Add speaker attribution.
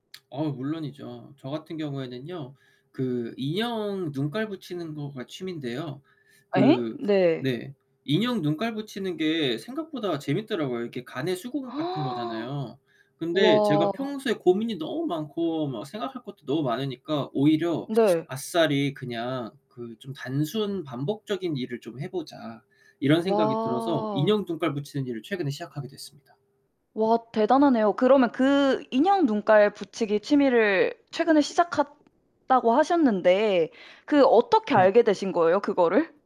Speaker 1: 어 물론이죠. 저 같은 경우에는요. 그 인형 눈깔 붙이는 거가 취미인데요.
Speaker 2: 에잉?
Speaker 1: 그
Speaker 2: 네.
Speaker 1: 네, 인형 눈깔 붙이는 게 생각보다 재밌더라고요. 이렇게 가내수공업 같은 거잖아요. 근데 제가
Speaker 2: 와.
Speaker 1: 평소에 고민이 너무 많고 막 생각할 것도 너무 많으니까 오히려
Speaker 2: 네.
Speaker 1: 아싸리 그냥 그 '좀 단순 반복적인 일을 좀 해보자.' 이런 생각이 들어서
Speaker 2: 와.
Speaker 1: 인형 눈깔 붙이는 일을 최근에 시작하게 됐습니다.
Speaker 2: 와 대단하네요. 그러면 그 "인형 눈깔 붙이기 취미를 최근에 시작했다."고 하셨는데 그 어떻게 알게
Speaker 1: 네.
Speaker 2: 되신 거예요? 그거를?